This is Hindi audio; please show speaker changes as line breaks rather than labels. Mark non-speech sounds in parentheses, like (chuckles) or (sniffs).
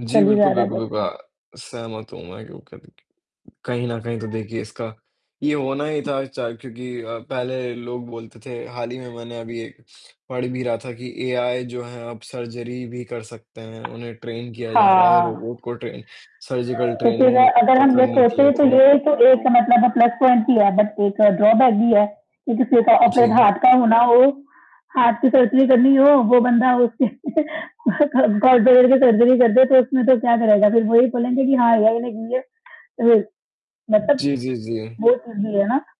जी,
चल ही जा
बिल्कुल,
रहा है
बिल्कुल,
बस
बिल्कुल
का।
अ, सहमत हूँ मैं, क्योंकि देखिए, कहीं न कहीं तो देखिए इसका ये होना ही था चा क्योंकि अ, पहले लोग बोलते थे, हाल ही में मैंने अभी एक (sniffs) पढ़ भी रहा था, कि एआई जो है अब सर्जरी भी कर सकते हैं। उन्हें ट्रेन किया जा रहा है,
हाँ।
रोबोट को ट्रेन सर्जिकल
तो फिर
ट्रेनिंग वो
अगर
वो
हम ये
करने के लिए
सोचें, तो
तो
ये तो एक मतलब प्लस पॉइंट ही है, बट एक ड्रॉबैक भी है, कि किसी का ऑपरेट
जी।
हार्ट का होना हो, हार्ट की सर्जरी करनी हो, वो बंदा उस (chuckles) व्यक्ति के (chuckles) ग गॉलब्लैडर की सर्जरी कर दे, तो उसमें तो क्या करेगा, फिर वही बोलेंगे कि हाँ, एआई ने की है। तो फिर मतलब,
जी, जी, जी।
वो चीज़ भी है ना।